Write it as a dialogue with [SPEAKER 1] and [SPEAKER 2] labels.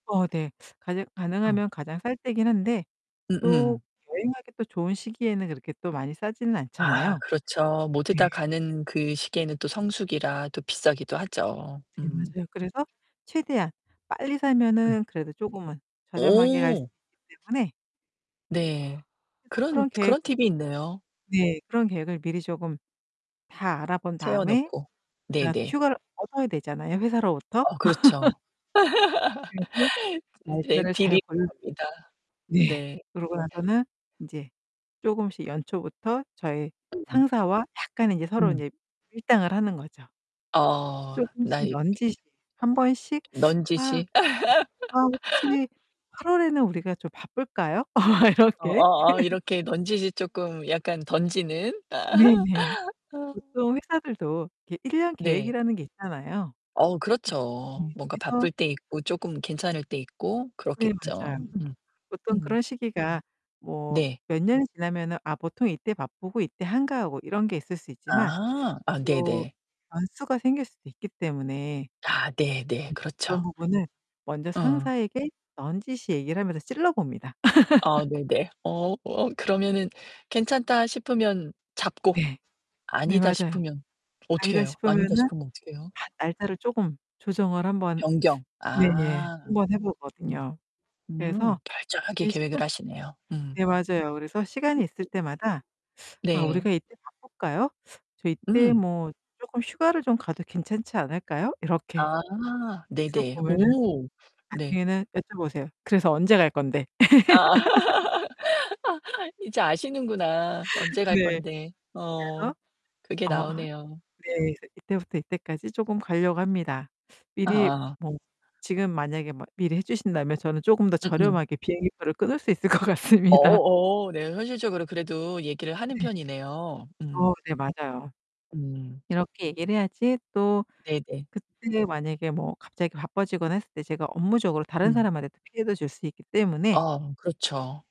[SPEAKER 1] 어 네. 가능
[SPEAKER 2] 어.
[SPEAKER 1] 가능하면 가장 쌀 때긴 한데 또
[SPEAKER 2] 음음.
[SPEAKER 1] 여행하기 또 좋은 시기에는 그렇게 또 많이 싸지는
[SPEAKER 2] 아
[SPEAKER 1] 않잖아요?
[SPEAKER 2] 그렇죠. 모두 다
[SPEAKER 1] 네.
[SPEAKER 2] 가는 그 시기에는 또 성수기라 또 비싸기도 하죠.
[SPEAKER 1] 네
[SPEAKER 2] 음.
[SPEAKER 1] 맞아요. 그래서 최대한 빨리
[SPEAKER 2] 음.
[SPEAKER 1] 사면은 그래도 쪼금은 저렴하게 갈 수
[SPEAKER 2] 오.
[SPEAKER 1] 있기 때문에
[SPEAKER 2] 네
[SPEAKER 1] 그래서
[SPEAKER 2] 그런
[SPEAKER 1] 그런
[SPEAKER 2] 그런
[SPEAKER 1] 계획을
[SPEAKER 2] 팁이 있네요.
[SPEAKER 1] 네. 그런 계획을 미리 조금 다 알아 본
[SPEAKER 2] 세워
[SPEAKER 1] 다음에
[SPEAKER 2] 놓고.
[SPEAKER 1] 어 또
[SPEAKER 2] 네네.
[SPEAKER 1] 휴가를 얻어야 되잖아요. 회사로부터.
[SPEAKER 2] 아 그렇죠.
[SPEAKER 1] 그래서
[SPEAKER 2] 네
[SPEAKER 1] 날짜를 잘
[SPEAKER 2] 비리 [unintelligible]
[SPEAKER 1] 골라
[SPEAKER 2] 합니다.
[SPEAKER 1] 네.
[SPEAKER 2] 네.
[SPEAKER 1] 그러고 나서는 인제 쪼금씩연초부터 저희
[SPEAKER 2] 음.
[SPEAKER 1] 상사와 약간 이제 서로
[SPEAKER 2] 음.
[SPEAKER 1] 이제 밀당을 하는 거죠.
[SPEAKER 2] 어 나
[SPEAKER 1] 쪼끔씩
[SPEAKER 2] 이 이렇게.
[SPEAKER 1] 넌지시 한번씩. 아. 예.
[SPEAKER 2] 넌지시.
[SPEAKER 1] "아 혹시 8월 에는 우리가 좀 바쁠까요?"
[SPEAKER 2] 어
[SPEAKER 1] 이렇게.
[SPEAKER 2] 어 어, 이렇게 넌지시 쪼끔 약간 던지는.
[SPEAKER 1] 네네. 보통 회사들도 이 1 년
[SPEAKER 2] 네.
[SPEAKER 1] 계획이라는 게 있잖아요.
[SPEAKER 2] 어 그렇죠.
[SPEAKER 1] 네,
[SPEAKER 2] 뭔가
[SPEAKER 1] 그래서.
[SPEAKER 2] 바쁠 때 있고, 조금 괜찮을 때 있고
[SPEAKER 1] 네
[SPEAKER 2] 그렇겠죠.
[SPEAKER 1] 맞아요.
[SPEAKER 2] 음.
[SPEAKER 1] 보통
[SPEAKER 2] 음.
[SPEAKER 1] 그런 시기가 뭐
[SPEAKER 2] 네.
[SPEAKER 1] 몇 년이 지나면은 아 보통 이때 바쁘고 이때 한가하고 이런 게 있을 수 있지만
[SPEAKER 2] 아, 아
[SPEAKER 1] 또
[SPEAKER 2] 네네.
[SPEAKER 1] 변수가 생길 수도 있기 때문에.
[SPEAKER 2] 아 네네.
[SPEAKER 1] 네 그런
[SPEAKER 2] 그렇죠.
[SPEAKER 1] 부분은 먼저
[SPEAKER 2] 어.
[SPEAKER 1] 상사에게 넌지시 얘기를 하면서 찔러 봅니다.
[SPEAKER 2] 아 네네. 어, 어 그러면은 괜찮다 싶으면 잡고
[SPEAKER 1] 네. 네
[SPEAKER 2] 아니다
[SPEAKER 1] 맞아요.
[SPEAKER 2] 싶으면 어떻게
[SPEAKER 1] 아니다
[SPEAKER 2] 해요? 아니다
[SPEAKER 1] 싶으면은
[SPEAKER 2] 싶으면 어떻게 해요?
[SPEAKER 1] 아 날짜를 쪼금 조정을 한번
[SPEAKER 2] 변경.
[SPEAKER 1] 네네.
[SPEAKER 2] 아.
[SPEAKER 1] 한번 해
[SPEAKER 2] 음.
[SPEAKER 1] 보거든요. 그래서
[SPEAKER 2] 음. 철저하게
[SPEAKER 1] 이
[SPEAKER 2] 계획을
[SPEAKER 1] 시간
[SPEAKER 2] 하시네요. 음.
[SPEAKER 1] 네 맞아요. 그래서 시간이 있을 때마다 "아, 우리가
[SPEAKER 2] 네.
[SPEAKER 1] 이때 바쁠까요? 저 이때
[SPEAKER 2] 응.
[SPEAKER 1] 뭐 쪼끔 휴가를 좀 가도 괜찮지 않을까요?" 이렇게.
[SPEAKER 2] 아
[SPEAKER 1] 그래서
[SPEAKER 2] 네네.
[SPEAKER 1] 보면은
[SPEAKER 2] 오 네.
[SPEAKER 1] 나중에는 여쭤보세요. "그래서 언제 갈 건데?"
[SPEAKER 2] 아. 아, 이제 아시는구나. 언제 갈
[SPEAKER 1] 네.
[SPEAKER 2] 건데 어
[SPEAKER 1] 그래서
[SPEAKER 2] 그게
[SPEAKER 1] 어 하
[SPEAKER 2] 나오네요.
[SPEAKER 1] 네 그래서 "이때부터 이때까지 조금 가려고 합니다. 미리
[SPEAKER 2] 아.
[SPEAKER 1] 뭐 지금 만약에 뭐 미리 해 주신다면 저는 조금 더
[SPEAKER 2] 음음.
[SPEAKER 1] 저렴하게 비행기표를 끊을 수 있을 것 같습니다."
[SPEAKER 2] 어 어. 네 현실적으로 그래도 얘기를 하는
[SPEAKER 1] 네.
[SPEAKER 2] 편이네요.
[SPEAKER 1] 어
[SPEAKER 2] 음.
[SPEAKER 1] 네, 맞아요.
[SPEAKER 2] 음.
[SPEAKER 1] 이렇게 얘기를 해야지 또
[SPEAKER 2] 네네.
[SPEAKER 1] 그때 만약에 뭐 갑자기 바빠지거나 했을 때 제가 업무적으로 다른
[SPEAKER 2] 음.
[SPEAKER 1] 사람한테도 피해도 줄 수 있기 때문에
[SPEAKER 2] 아, 그렇죠.